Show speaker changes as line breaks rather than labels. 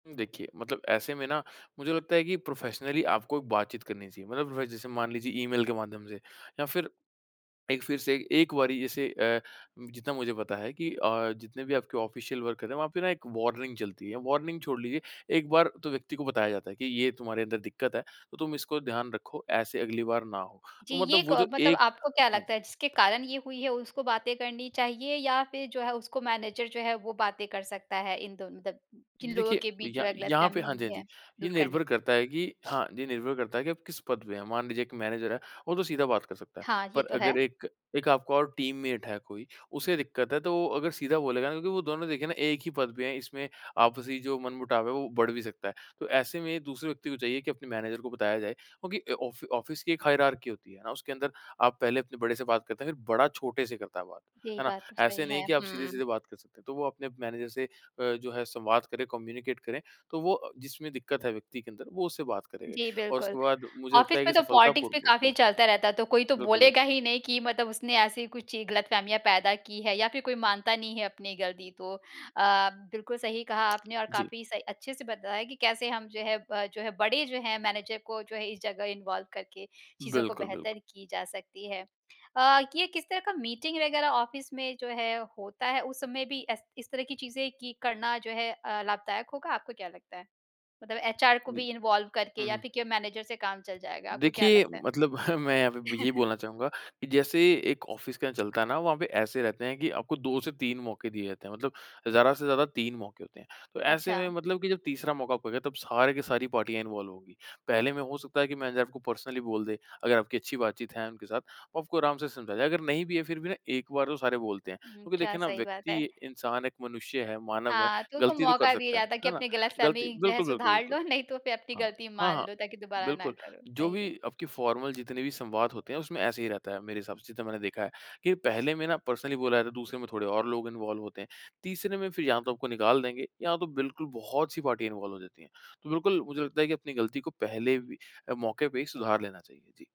देखिए, मतलब ऐसे में ना मुझे लगता है कि प्रोफ़ेशनली आपको बात-चीत करनी चाहिए। मतलब व जैसे मान लीजिए ईमेल के माध्यम से, या फिर एक फिर से 1 बारी जैसे अ, जितना मुझे पता है कि अ, जितने भी आपके ऑफ़िशियल वर्क है वहाँ पे ना 1 वार्निंग चलती है। वार्निंग छोड़ लीजिए 1 बार तो व्यक्ति को बताया जाता है कि ये तुम्हारे अंदर दिक्कत है, तो तुम इसको ध्यान रखो ऐसे अगली बार ना हो।
जी,
तो
ये
मतलब वो
क
जो
मतलब
एक
आपको क्या
हाँ
लगता
जी।
है जिसके कारण ये हुई है उसको बातें करनी चाहिए, या फिर जो है उसको मैनेजर जो है वो बातें कर सकता है इन दोनों दन जिन लोगों
देखिए
के बीच
य
जो है
यहाँ पे
गलतफ़हमी
हाँ जी, हाँ
हुई
जी,
है,
ये
दूर करने
निर्भर करता है कि हाँ ये निर्भर करता है कि आप किस पद पे हैं? मान लीजिए 1 मैनेजर हैं, वो तो सीधा बात कर सकता है।
हाँ, ये
पर
तो है।
अगर एक एक आपका और टीममेट है कोई, उसे दिक्कत है तो वो अगर सीधा बोलेगा ना क्योंकि वो दोनों देखिए ना 1 ही पद पे हैं इसमें आपसी जो मनमुटाव है वो बढ़ भी सकता है। तो ऐसे में ही दूसरे व्यक्ति को चाहिए कि अपने मैनेजर को बताया जाए, क्योंकि ऑफ़ ऑफ़िस की एक हायरार्की होती है ना, उसके अंदर आप पहले अपने बड़े से बात करते हैं फिर बड़ा छोटे से करता है बात,
यही
है ना?
बात तो
ऐसे
सही
नहीं
है,
कि आप
हुँ।
सीधे-सीधे बात कर सकते हैं। तो वो अपने मैनेजर से अ, जो है संवाद करे, कम्यूनिकेट करें, तो वो जिसमें दिक्कत है व्यक्ति के अंदर वो उससे बात करेगा
जी,
और उसके
बिल्कुल,
बाद मुझे लगता
ऑफ़िस
है
में
कि
तो पॉलिटिक्स
सफलतापूर्वक
भी
वो सुन
काफ़ी
सकता
चलता
है।
रहता है तो कोई तो
बिल्कुल, बिल
बोलेगा ही नहीं कि मतलब उसने ऐसी कुछ गलतफहमियाँ पैदा की है या फिर कोई मानता नहीं है अपनी गलती को अ, बिल्कुल सही कहा आपने और
जी।
काफ़ी सही अच्छे से बताया कि कैसे हम जो है अ, जो है बड़े जो हैं मैनेजर को जो है इस जगह इन्वॉल्व करके, चीज़ों को
बिल्कुल, बिल्कुल।
बेहतर की जा सकती है। अ, ये किस तरह का मीटिंग वग़ैरह ऑफिस में जो है होता है उस समय भी ए इस तरह की चीज़ें कि करना जो है लाभदायक होगा आपको क्या लगता है? मतलब एचआर को
जी।
भी इन्वॉल्व करके
हुँ,
या
हुँ।
फिर केवल मैनेजर से काम चल जाएगा। आपको क्या
देखिए
लगता है?
मतलब मैं यहाँ पे यही बोलना चाहूँगा, कि जैसे 1 ऑफ़िस के यहाँ चलता है ना वहाँ पे ऐसे रहते हैं कि आपको 2 से 3 मौके दिए जाते हैं मतलब ज़्यादा से ज़्यादा 3 मौके होते हैं। तो ऐसे में
अच्छा।
मतलब कि जब तीसरा मौका आपको हो गया तब सारे की सारी पार्टियाँ इन्वॉल्व होंगी, पहले में हो सकता है कि मैं आपको पर्सनली बोल दे अगर आपकी अच्छी बात-चीत है उनके साथ, वो आपको आराम से समझा जाए। अगर नहीं भी है फिर भी ना एक बार तो सारे बोलते हैं,
हुँ।
क्योंकि
अच्छा,
देखिए ना
सही बात
व्यक्ति
है।
इंसान एक मनुष्य है, मानव है,
हाँ, तो उसको
गलती तो कर
मौका दिया
सकता है,
जाता है कि
है ना?
अपनी गलतफ़हमी
गलती
जो है
बिल्कुल, बिल्कुल,
सुधार
बिल्कुल।
लो नहीं तो फिर अपनी
हाँ,
गलती
हाँ,
मान
हाँ,
लो ताकि दोबारा ना
बिल्कुल,
करो,
जो
सही
भी
है।
आपकी फ़ॉर्मल जितने भी संवाद होते हैं उसमें ऐसे ही रहता है मेरे हिसाब से तो मैंने देखा है कि पहले में ना पर्सनली बोला जाता है दूसरे में थोड़े और लोग इन्वॉल्व होते हैं, तीसरे में फिर या तो आपको निकाल देंगे या तो बिल्कुल बहुत-सी पार्टी इन्वॉल्व हो जाती हैं। तो बिल्कुल, मुझे लगता है कि अपनी गलती को पहले भी अ, मौके पे ही सुधार लेना चाहिए। जी।